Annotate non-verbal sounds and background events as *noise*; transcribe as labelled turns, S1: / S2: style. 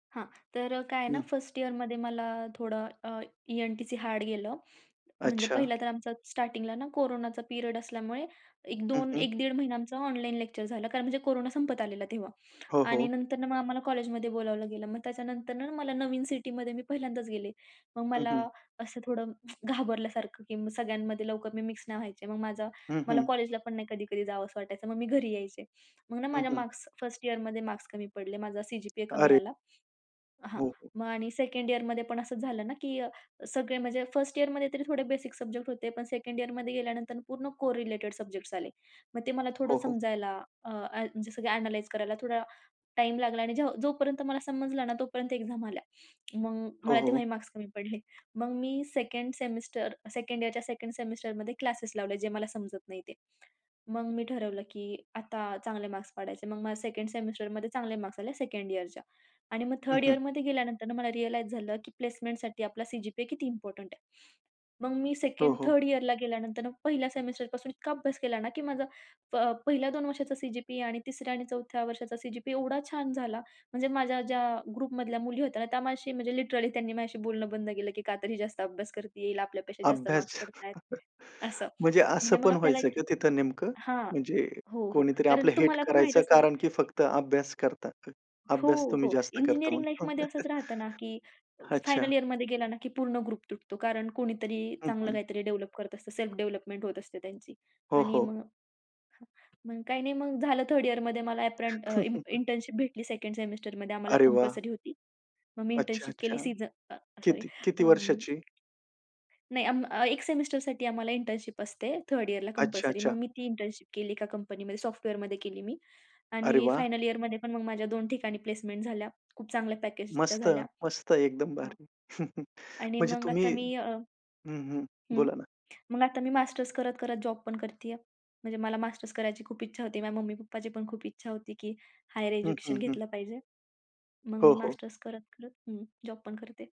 S1: हां, तर अ, काय आहे ना
S2: हं.
S1: 1st इयरमध्ये मला थोडं अ, ई-एन-टी-सी हार्ड गेलं. म्हणजे
S2: अच्छा.
S1: पहिलं तर आमचा स्टार्टिंगला ना कोरोनाचा पिरियड असल्यामुळे एक
S2: हं,
S1: दोन
S2: हं.
S1: 1 दीड महिना आमचं ऑनलाईन लेक्चर झालं. कारण म्हणजे कोरोना संपत आलेला तेव्हा
S2: हो,
S1: आणि
S2: हो.
S1: नंतर न मग आम्हाला कॉलेजमध्ये बोलावलं गेलं. मग त्याच्यानंतर ना मला नवीन सिटीमध्ये मी पहिल्यांदाच गेले. मग
S2: हं,
S1: मला
S2: हं.
S1: असं थोडं *tsk* घाबरल्यासारखं की मग सगळ्यांमध्ये लवकर मी मिक्स नाही व्हायचे. मग माझा
S2: हं,
S1: मला
S2: हं.
S1: कॉलेजला पण नाही कधी-कधी जावंस वाटायचं. मग मी घरी यायचे. मग ना
S2: हं,
S1: माझ्या
S2: हं.
S1: मार्क्स 1st इयरमध्ये मार्क्स कमी पडले. माझा सी.जी.पी.ए कमी
S2: अरे!
S1: आला. हां,
S2: हो, हो.
S1: मग आणि 2nd इयरमध्ये पण असंच झालं ना, की सगळे म्हणजे 1st इयरमध्ये तरी थोडे बेसिक सब्जेक्ट होते. पण 2nd इयरमध्ये गेल्यानंतर पूर्ण कोरिलेटेड सब्जेक्ट्स आले. मग ते मला थोडं
S2: हो, हो.
S1: समजायला अ, अ, जसं की अ‍ॅनलाईज करायला थोडा टाईम लागला आणि जेव्हा जोपर्यंत मला समजलं ना तोपर्यंत एक्झाम आल्या. मग
S2: हो,
S1: मला
S2: हो.
S1: तेव्हाही मार्क्स कमी पडले. *chuckles* मग मी 2nd सेमिस्टर 2nd इयरच्या 2nd सेमिस्टरमध्ये क्लासेस लावले, जे मला समजत नाही ते. मग मी ठरवलं, की आता चांगले मार्क्स पाडायचे. मग मला 2nd सेमिस्टरमध्ये चांगले मार्क्स आले 2nd इयरच्या आणि मग
S2: हं,
S1: 3rd
S2: हं.
S1: इयरमध्ये गेल्यानंतर मला रिअलाईज झालं, की प्लेसमेंटसाठी आपला सी.जी.पी.ए किती इम्पोर्टंट आहे. मग मी
S2: हो,
S1: सेकंड
S2: हो.
S1: थर्ड इयरला गेल्यानंतर पहिल्या सेमिस्टरपासून इतका अभ्यास केला ना की माझा प पहिल्या 2 वर्षाचा सी.जी.पी.ए आणि तिसऱ्या आणि चौथ्या वर्षाचा सी.जी.पी.ए एवढा छान झाला. म्हणजे माझ्या ज्या ग्रुपमधल्या मुली होत्या ना, त्या माझ्याशी म्हणजे लिटरली त्यांनी माझ्याशी बोलणं बंद केलं की का तर ही जास्त अभ्यास करतीये, हिला आपल्यापेक्षा जास्त
S2: अभ्यास.
S1: मार्क्स
S2: *chuckles*
S1: पडतायेत असं.
S2: म्हणजे असं
S1: म्हणजे मग
S2: पण
S1: आपल्याला
S2: व्हायचं
S1: एक
S2: का तिथं नेमकं?
S1: हां,
S2: म्हणजे
S1: हो, हो.
S2: कोणीतरी
S1: कारण
S2: आपलं हेट
S1: तुम्हाला पण माहीत
S2: करायचं
S1: असेल
S2: कारण की फक्त अभ्यास करता
S1: हो,
S2: अभ्यास तुम्ही
S1: हो,
S2: जास्त करता
S1: इंजिनिअरिंग
S2: म्हणून?
S1: लाईफमध्ये असंच
S2: *laughs*
S1: राहतं ना, की अ,
S2: अच्छा.
S1: फायनल इयरमध्ये गेला ना, की पूर्ण ग्रुप तुटतो कारण कोणीतरी
S2: हं,
S1: चांगलं
S2: हं.
S1: काहीतरी डेव्हलप करत असतं, सेल्फ डेव्हलपमेंट होत असते त्यांची
S2: हो,
S1: आणि
S2: हो.
S1: मग मग काही नाही, मग झालं 3rd इयरमध्ये मला अ‍ॅप्रन्ट अ, इंटर्न
S2: *chuckles*
S1: इंटर्नशिप भेटली. 2nd सेमिस्टरमध्ये आम्हाला
S2: अरे वाह!
S1: कंपल्सरी होती. मग मी
S2: अच्छा,
S1: इंटर्नशिप
S2: अच्छा.
S1: केली सीझ अ, सॉरी
S2: किती किती
S1: अं,
S2: वर्षाची?
S1: नाही. अं, एक सेमिस्टरसाठी आम्हाला इंटर्नशिप असते 3rd इयरला
S2: अच्छा,
S1: कंपल्सरी. मग
S2: अच्छा.
S1: मी ती इंटर्नशिप केली एका कंपनीमध्ये सॉफ्टवेअरमध्ये केली मी
S2: अरे
S1: आणि
S2: वाह!
S1: फायनल इयरमध्ये पण मग माझ्या 2 ठिकाणी प्लेसमेंट झाल्या. खूप चांगल्या पॅकेजच्या
S2: मस्त,
S1: झाल्या.
S2: मस्त. एकदम
S1: हां.
S2: भारी. *chuckles*
S1: आणि
S2: म्हणजे
S1: मग
S2: तुम्ही
S1: आता मी अ
S2: हं, हं.
S1: हं,
S2: बोला ना?
S1: मग आता मी मास्टर्स करत-करत जॉब पण करतीये. म्हणजे मला मास्टर्स करायची खूप इच्छा होती. माझ्या मम्मी-पप्पाची पण खूप इच्छा होती की हायर
S2: हं,
S1: एज्युकेशन
S2: हं, हं.
S1: घेतलं पाहिजे. मग
S2: हो,
S1: मी
S2: हो.
S1: मास्टर्स करत-करत हं, जॉब पण करते.